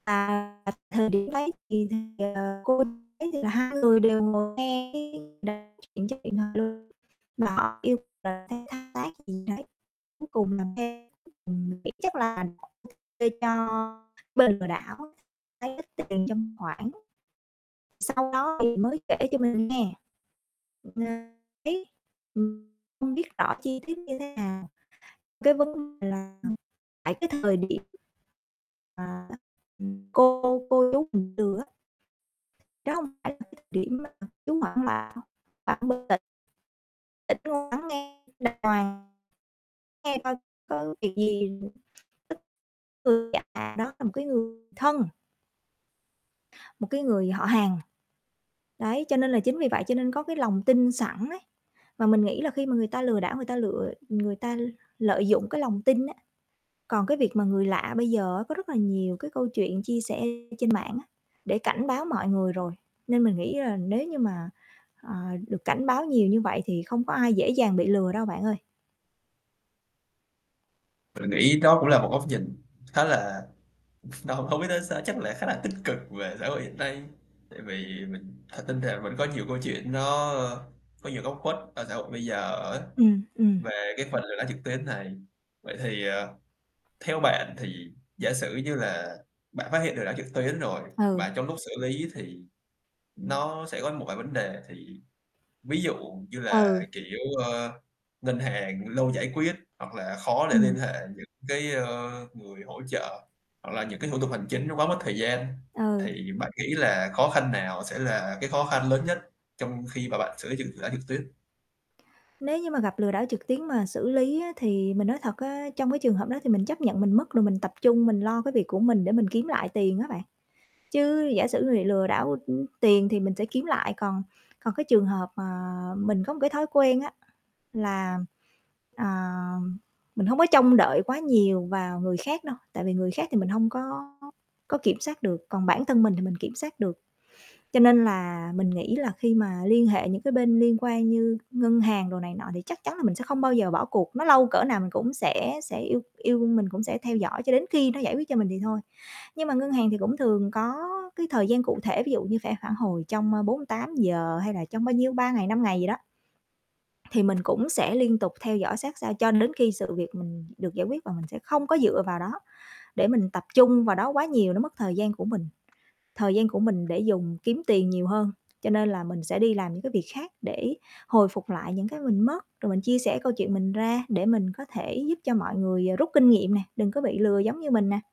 À, ờ, thời điểm đấy thì, ờ, cô ấy thì là hai người đều ngồi nghe cái [unintelligible] mà họ yêu cầu làm theo thao tác gì đấy, cuối cùng làm theo, ừm, mình nghĩ chắc là [unintelligible] kê cho bên lừa đảo lấy ít tiền trong khoảng. Sau đó thì mới kể cho mình nghe, [unintelligible] không biết rõ chi tiết như thế nào, cái vấn đề là tại cái thời điểm mà cô cô chú mình từ á Đó hông phải là cái điểm mà chú hoảng [unintelligible] Tĩnh ngồi lắng nghe đàng hoàng, nghe coi có việc gì [unintelligible] lừa gạt đó là một cái người thân một cái người họ hàng. Đấy, cho nên là chính vì vậy cho nên có cái lòng tin sẵn ấy và mình nghĩ là khi mà người ta lừa đảo, người ta lựa người ta lợi dụng cái lòng tin á. Còn cái việc mà người lạ bây giờ á có rất là nhiều cái câu chuyện chia sẻ trên mạng á để cảnh báo mọi người rồi nên mình nghĩ là nếu như mà, ờ, được cảnh báo nhiều như vậy thì không có ai dễ dàng bị lừa đâu bạn ơi. Mình nghĩ đó cũng là một góc nhìn khá là hông hông biết nói sao, chắc là khá là tích cực về xã hội hiện nay. Tại vì mình thật tin rằng vẫn có nhiều câu chuyện nó có nhiều góc khuất ở xã hội bây giờ á, Ừm, ừm. về cái phần lừa đảo trực tuyến này. Vậy thì, ờ, theo bạn thì giả sử như là bạn phát hiện lừa đảo trực tuyến rồi Ừ. và trong lúc xử lý thì nó sẽ có một vài vấn đề thì ví dụ như là, Ừ. kiểu, ơ, ngân hàng lâu giải quyết hoặc là khó để liên Ừm. hệ những cái, ơ, người hỗ trợ hoặc là những cá i thủ tục hành chính nó quá mất thời gian Ừ. thì bạn nghĩ là khó khăn nào sẽ là cái khó khăn lớn nhất trong khi mà bạn xử lý trực lừa đảo trực tuyến? Nếu như mà gặp lừa đảo trực tuyến mà xử lý á thì mình nói thật á, trong cái trường hợp đó thì mình chấp nhận mình mất rồi mình tập trung mình lo cái việc của mình để mình kiếm lại tiền á bạn. Chứ giả mà bị lừa đảo, ưm, tiền thì mình sẽ kiếm lại, còn còn cái trường hợp mà mình có một cái thói quen á là, à, mình hông có trông đợi quá nhiều vào người khác đâu, tại vì người khác thì mình hông có có kiểm soát được, còn bản thân mình thì mình kiểm soát được. Cho nên là mình nghĩ là khi mà liên hệ những cái bên liên quan như ngân hàng đồ này nọ thì chắc chắn là mình sẽ không bao giờ bỏ cuộc, nó lâu cỡ nào mình cũng sẽ sẽ yêu yêu mình cũng sẽ theo dõi cho đến khi nó giải quyết cho mình thì thôi. Nhưng mà ngân hàng thì cũng thường có cái thời gian cụ thể ví dụ như sẽ phản hồi trong, ơ, 48 giờ hay là trong bao nhiêu, 3 ngày, 5 ngày gì đó, thì mình cũng sẽ liên tục theo dõi sát sao cho đến khi sự việc mình được giải quyết và mình sẽ không có dựa vào đó để mình tập trung vào đó quá nhiều, nó mất thời gian của mình. Thời gian của mình để dùng kiếm tiền nhiều hơn, cho nên là mình sẽ đi làm những cái việc khác để hồi phục lại những cái mình mất rồi mình chia sẻ câu chuyện mình ra để mình có thể giúp cho mọi người, ờ, rút kinh nghiệm nè, đừng có bị lừa giống như mình nè.